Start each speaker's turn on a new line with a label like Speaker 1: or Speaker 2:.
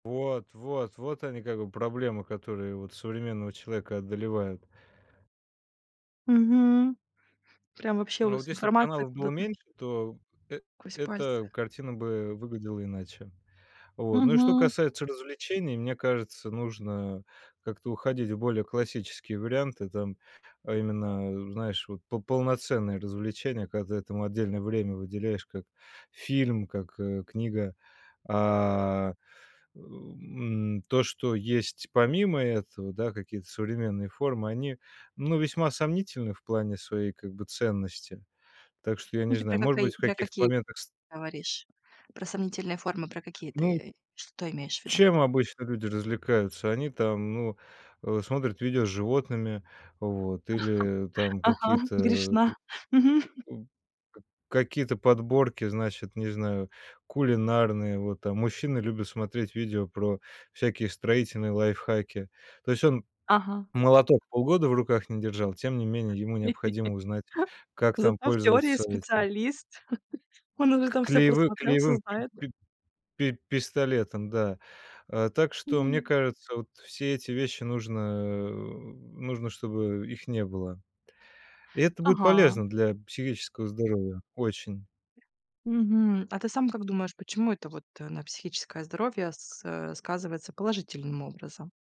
Speaker 1: Вот вот вот они как бы проблемы, которые вот современного человека одолевают.
Speaker 2: Мгм. Прям вообще у
Speaker 1: А вот
Speaker 2: вас
Speaker 1: если б
Speaker 2: информация
Speaker 1: каналов было
Speaker 2: куда-то
Speaker 1: меньше, то эт
Speaker 2: сквозь
Speaker 1: эта
Speaker 2: пальцы.
Speaker 1: картина бы выглядела иначе. Вот, ну и что
Speaker 2: Мгм.
Speaker 1: касается развлечений, мне кажется, нужно как-то уходить в более классические варианты. Там, а именно, знаешь, вот по полноценные развлечения, когда ты этому отдельное время выделяешь, как фильм, как, э, книга. А, э, м, то, что есть помимо этого, да, какие-то современные формы, они, ну, весьма сомнительны в плане своей как бы ценности. Так что, я
Speaker 2: Ну,
Speaker 1: не
Speaker 2: ты про
Speaker 1: знаю, может
Speaker 2: какаи
Speaker 1: быть, в
Speaker 2: про
Speaker 1: каких-то
Speaker 2: какие
Speaker 1: моментах с
Speaker 2: говоришь? Про сомнительные формы, про какие
Speaker 1: Ну.
Speaker 2: ты что имеешь в виду?
Speaker 1: Чем обычно люди развлекаются? Они там, ну, э, смотрят видео с животными, вот, или там
Speaker 2: Ага,
Speaker 1: какие-то, э,
Speaker 2: грешна. Мгм.
Speaker 1: у к какие-то подборки, значит, не знаю, кулинарные. Вот, там мужчины любят смотреть видео про всякие строительные лайфхаки. То есть он
Speaker 2: Ага.
Speaker 1: молоток полгода в руках не держал, тем не менее ему необходимо узнать, как там
Speaker 2: Зато в теории
Speaker 1: пользоваться этим
Speaker 2: специалист. Он уже
Speaker 1: к
Speaker 2: там всё
Speaker 1: клеевым
Speaker 2: просмотрел, всё
Speaker 1: клеевым пи
Speaker 2: знает.
Speaker 1: пи пи пистолетом, да. Э, так что, мне
Speaker 2: М.
Speaker 1: кажется, вот все эти вещи нужно, э, нужно, чтобы их не было. И это будет
Speaker 2: Ага.
Speaker 1: полезно для психического здоровья очень.
Speaker 2: Мгм. А ты сам как думаешь, почему это вот, э, на психическое здоровье с э, сказывается положительным образом?